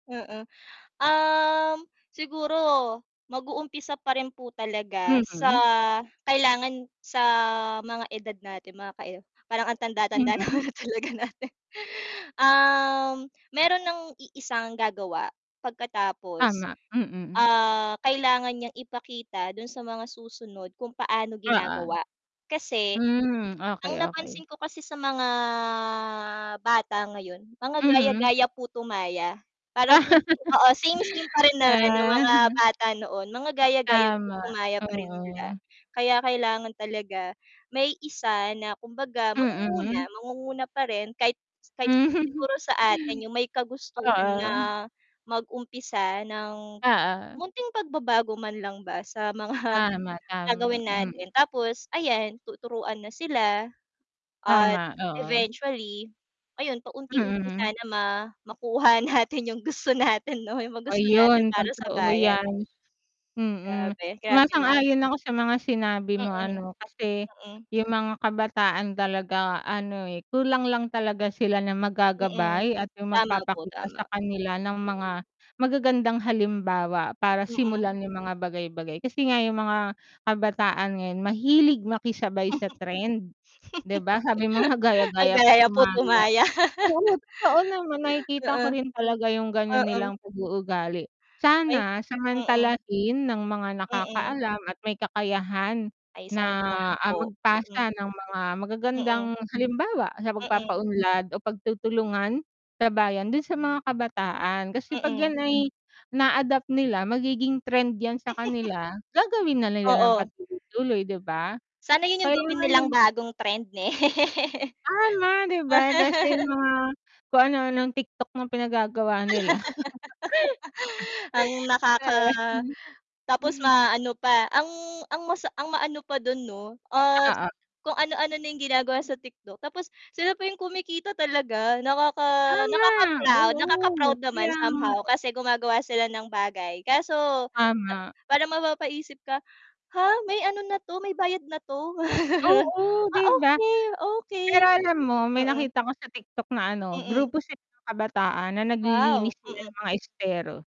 Mm. Um, siguro, mag-u-umpisa pa rin po talaga sa Mm. kailangan sa mga edad natin mga kae parang ang tanda-tanda na nga Mm. talaga natin. Um, meron ng i-isang gagawa pagkatapos, Tama. Mm. ah, kailangan niyang ipakita dun sa mga susunod kung paano Oo. ginagawa kasi, Hmm, okey ang okey. napansin ko kasi sa mga bata ngayon, mga Mhm. gaya-gaya, puto maya. Parang oo same-same pa rin naman yung Ah, mga hmm. bata noon mga gaya-gaya, puto Tama, maya pa rin sila. oo. Kaya kailangan talaga may isa na, kumbaga mangunguna, Mm. mangunguna pa rin kahit kahit siguro Mhm. siguro sa atin yung may kagustuhan na Oo. mag-umpisa ng Oo. munting pagbabago man lang ba sa mga Tama, tama. gagawin natin Mm. tapos ayan tuturuan na sila, at Tama, oo. eventually, ayon paunti-unti Mm. sana ma makuha natin yung gusto natin 'no? Yung mga gusto natin Ayun, para sa totoo bayan. 'yan. Mm. Grabe. Grabe na ang Sumasang-ayon ako sa mga sinabi mo Mm. ano, kasi Mm. yung mga kabataan talaga ano, eh, kulang lang talaga sila ng Mm. mag-gagabay at yung Tama po, magpapakita sa tama. kanila ng mga Mm. magagandang halimbawa, para Mm. simulan yung mga bagay bagay, kasi nga yung mga kabataan ngayon mahilig makisabay sa trend. 'Di ba, sabi mo nga gaya-gaya, Gaya-gaya puto puto maya. maya. Oo, totoo naman nakikita Oo. ko rin talaga yung ganiyan Oo. nilang pag-uugali. Ay, Sana mm. samantalahin ng mga Mm. nakakaalam at may kakayahan Ay, na, sana nga ah, po. Mm. magpasa ng mga magagandang Mm. halimbawa sa Mm. pagpapaunlad o pagtutulungan sa bayan, dun sa mga kabataan, kasi ‘pag Mm. ‘yan ay na-adapt nila magiging trend ‘yan sa kanila, gagawin na nila nang Oo. patuloy-tuloy, ‘di ba? Sana yun yung gawin Kailangan nilang ng bagong trend ne Tama 'di ba, kasi yung mga kung ano-anong TikTok ng pinagagawa nila. Ang nakaka tapos ma-ano pa, ang ang masa ang maano pa dun 'no, at Oo. kung ano-ano na yung ginagawa sa TikTok tapos sila pa yung kumikita talaga nakaka Tama, nakaka-proud, oo. nakaka-proud naman Kaya nga, somehow eh. kasi gumagawa sila ng bagay kaso, ah, Tama. para mapapaisip ka, "Ha, may ano na ‘to, may bayad na 'to?" Oo, ‘di Ah, ba. okey, okey. Pero alam mo, may Mm. nakita ko sa TikTok na ano, Mm. grupo sila ng kabataan na Wow, naglilinis sila mm. ng mga estero.